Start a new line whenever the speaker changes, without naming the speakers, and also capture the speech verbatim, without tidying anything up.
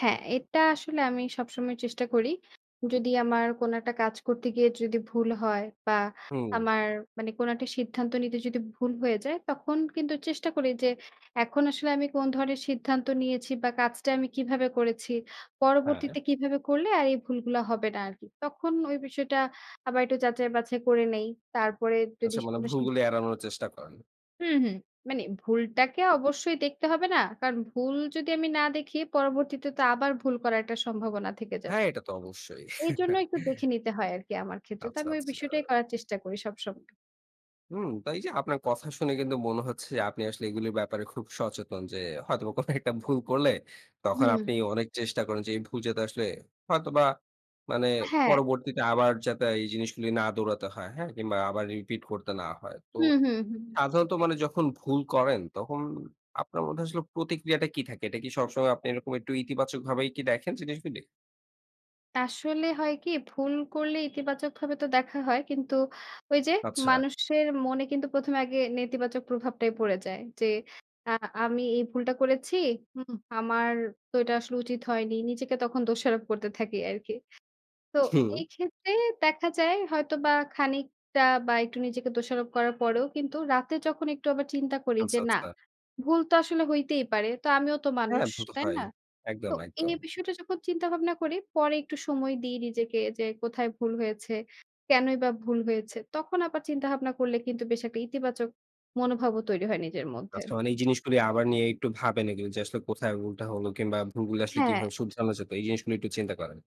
হ্যাঁ এটা আসলে আমি সবসময় চেষ্টা করি। যদি আমার কোন একটা কাজ করতে গিয়ে যদি ভুল হয় বা
হুম।
আমার মানে কোন একটা সিদ্ধান্ত নিতে যদি ভুল হয়ে যায়। তখন কিন্তু চেষ্টা করি যে এখন আসলে আমি কোন ধরনের সিদ্ধান্ত নিয়েছি বা কাজটা আমি কীভাবে করেছি,
হ্যাঁ।
পরবর্তীতে কীভাবে করলে আর এই ভুলগুলো হবে না আর কি। তখন ওই বিষয়টা আবার একটু যাচাই-বাছাই করে নিই। তারপরে যদি
আচ্ছা, মানে ভুলগুলি
[unintelligible]
এড়ানোর চেষ্টা করেন।
হুম, হুম। মানে ভুলটাকে অবশ্যই দেখতে হবে না? কারণ ভুল যদি আমি না দেখি পরবর্তীতে তো আবার ভুল করার একটা সম্ভাবনা থেকে যায়।
হ্যাঁ, এটা তো অবশ্যই।
এইজন্য একটু দেখে নিতে হয় আরকি আমার ক্ষেত্রে। তো
আচ্ছা,
আমি ওই
আচ্ছা।
বিষয়টাই করার চেষ্টা করি সবসময়।
হুম, তাই এইযে আপনার কথা শুনে কিন্তু মনে হচ্ছে আপনি আসলে এগুলির ব্যাপারে খুব সচেতন যে হয়তোবা কোন একটা ভুল করলে
হু
তখন
হুম।
আপনি অনেক চেষ্টা করেন যে এই ভুল যাতে আসলে হয়তোবা মানে
হ্যাঁ।
পরবর্তীতে আবার যাতে এই জিনিসগুলি না দৌড়াতে হয়, হ্যাঁ? কিংবা আবার রিপিট করতে না হয়। তো
হুম, হুম, হুম।
সাধারণত
সেটাই।
মানে যখন ভুল করেন তখন আপনার মধ্যে আসলে প্রতিক্রিয়াটা কী থাকে? এটা কি সবসময় আপনি এরকম একটু ইতিবাচকভাবে কি দেখেন জিনিসগুলি?
আসলে হয় কি ভুল করলে ইতিবাচকভাবে তো দেখা হয়। কিন্তু ওই যে
আচ্ছা।
মানুষের মনে কিন্তু প্রথমে আগে নেতিবাচক প্রভাবটাই পড়ে যায়। যে আ আমি এই ভুলটা করেছি। হুম, আমার তো এটা আসলে উচিত হয়নি। নিজেকে তখন দোষারোপ করতে থাকি আরকি। তো
হুম।
এই ক্ষেত্রে দেখা যায় হয়তোবা খানিকটা বা একটু নিজেকে দোষারোপ করার পরেও কিন্তু রাতে যখন আবার একটু চিন্তা করি
আচ্ছা,
যে না।
আচ্ছা।
ভুল তো আসলে হইতেই পারে। তো আমিও তো
হ্যাঁ,
মানুষ,
ভূতো
তাই
হয়।
না? তো
একদম, একদম।
এই বিষয়টা যখন চিন্তা ভাবনা করি পরে একটু সময় দিই নিজেকে যে কোথায় ভুল হয়েছে, কেনই বা ভুল হয়েছে। তখন আবার চিন্তা ভাবনা করলে কিন্তু বেশ একটা ইতিবাচক মনোভাবও তৈরি হয় নিজের মধ্যে।
আচ্ছা, মানে এই জিনিসগুলো আবার নিয়ে একটু ভাবেন এ যে আসলে কোথায় ভুল টা হলো কিংবা ভুলগুলো আসলে
হ্যাঁ।
কিভাবে শুধরানো যায়, এই জিনিসগুলো একটু চিন্তা করেন।